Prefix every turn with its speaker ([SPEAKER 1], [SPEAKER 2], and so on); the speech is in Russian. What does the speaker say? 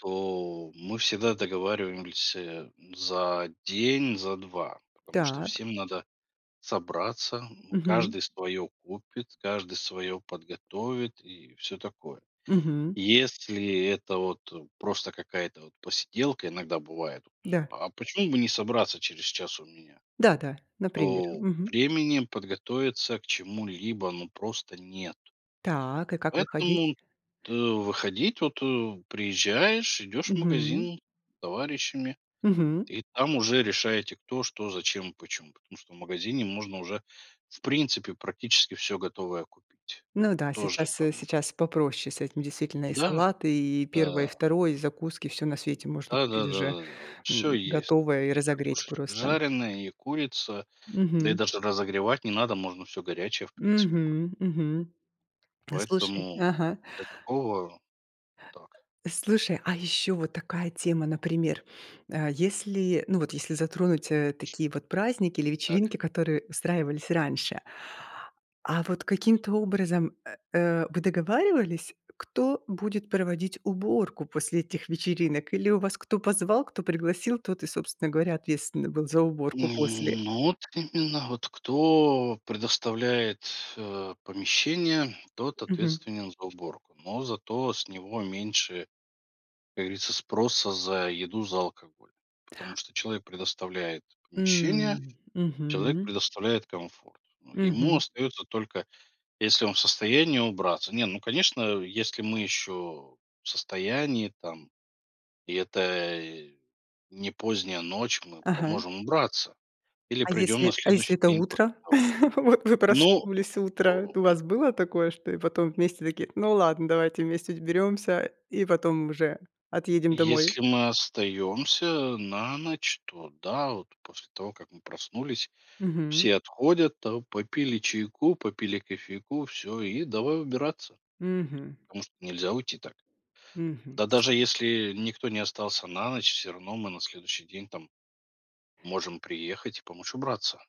[SPEAKER 1] То, мы всегда договариваемся за день, за 2, потому что
[SPEAKER 2] Так.
[SPEAKER 1] всем надо собраться. Ну,
[SPEAKER 2] Мгм.
[SPEAKER 1] каждый свое купит, каждый свое подготовит и всё такое.
[SPEAKER 2] Мгм.
[SPEAKER 1] Если это вот просто какая-то вот посиделка, иногда бывает:
[SPEAKER 2] Да.
[SPEAKER 1] "А почему бы не собраться через час у меня?"
[SPEAKER 2] Да-да, например.
[SPEAKER 1] То
[SPEAKER 2] Мгм.
[SPEAKER 1] времени подготовиться к чему-либо, ну, просто нет.
[SPEAKER 2] Так. И как выходить?
[SPEAKER 1] Поэтому т выходить вот, э, приезжаешь, идешь в
[SPEAKER 2] Мгм.
[SPEAKER 1] магазин с товарищами,
[SPEAKER 2] Мгм.
[SPEAKER 1] и там уже решаете: кто, что, зачем, почему, потому что в магазине можно уже, в принципе, практически всё готовое купить.
[SPEAKER 2] Ну да,
[SPEAKER 1] Тоже
[SPEAKER 2] сейчас, э,
[SPEAKER 1] там
[SPEAKER 2] сейчас попроще с этим, действительно. И
[SPEAKER 1] Да,
[SPEAKER 2] салаты, и первое, и
[SPEAKER 1] да.
[SPEAKER 2] второе, и закуски- всё на свете можно купить
[SPEAKER 1] Да-да-да,
[SPEAKER 2] уже,
[SPEAKER 1] да-да, вот всё
[SPEAKER 2] м,
[SPEAKER 1] есть:
[SPEAKER 2] готовое и
[SPEAKER 1] и
[SPEAKER 2] разогреть
[SPEAKER 1] картошечка
[SPEAKER 2] просто.
[SPEAKER 1] жареная, и курица, да и
[SPEAKER 2] Мгм.
[SPEAKER 1] даже разогревать не надо, можно всё горячее, в принципе, ку
[SPEAKER 2] Мгм, мгм. А слушай,
[SPEAKER 1] Поэтому
[SPEAKER 2] ага
[SPEAKER 1] для такого так.
[SPEAKER 2] Слушай, а ещё вот такая тема, например: э, если, ну вот если затронуть, э, такие вот праздники или
[SPEAKER 1] Так.
[SPEAKER 2] вечеринки, которые устраивались раньше а вот каким-то образом, э, э, вы договаривались кто будет проводить уборку после этих вечеринок или у вас кто позвал, кто пригласил, тот и, собственно говоря, ответственный был за уборку после?
[SPEAKER 1] М, ну, вот к именно вот кто предоставляет, э, помещение, тот
[SPEAKER 2] Мгм.
[SPEAKER 1] ответственен за уборку. Но зато с него меньше, как говорится, спроса за еду, за алкоголь, потому что человек предоставляет помещение,
[SPEAKER 2] М,
[SPEAKER 1] человек
[SPEAKER 2] мгм.
[SPEAKER 1] предоставляет комфорт. Ну, ему
[SPEAKER 2] Мгм.
[SPEAKER 1] остается только, если он в состоянии, убраться. Не, ну, конечно, если мы еще в состоянии там и это не поздняя ночь- мы
[SPEAKER 2] Ага.
[SPEAKER 1] поможем убраться или
[SPEAKER 2] А
[SPEAKER 1] придем на
[SPEAKER 2] если а если
[SPEAKER 1] следующий
[SPEAKER 2] это
[SPEAKER 1] день после
[SPEAKER 2] утро?
[SPEAKER 1] того.
[SPEAKER 2] Вот вы
[SPEAKER 1] Ну,
[SPEAKER 2] проснулись,
[SPEAKER 1] э,
[SPEAKER 2] утро, т У
[SPEAKER 1] м
[SPEAKER 2] вас было такое, что и потом вместе такие: "Ну ладно, давайте вместе ть уберёмся и потом уже отъедем домой".
[SPEAKER 1] Если мы остаемся на ночь, то да. Вот после того как мы проснулись,
[SPEAKER 2] Мгм.
[SPEAKER 1] все отходят там, попили чайку, попили кофейку- всё, и давай убираться,
[SPEAKER 2] Мгм.
[SPEAKER 1] потому что нельзя уйти так.
[SPEAKER 2] Мгм,
[SPEAKER 1] Да
[SPEAKER 2] то
[SPEAKER 1] даже
[SPEAKER 2] есть
[SPEAKER 1] если никто не остался на ночь, всё равно мы на следующий день там можем приехать и помочь убраться.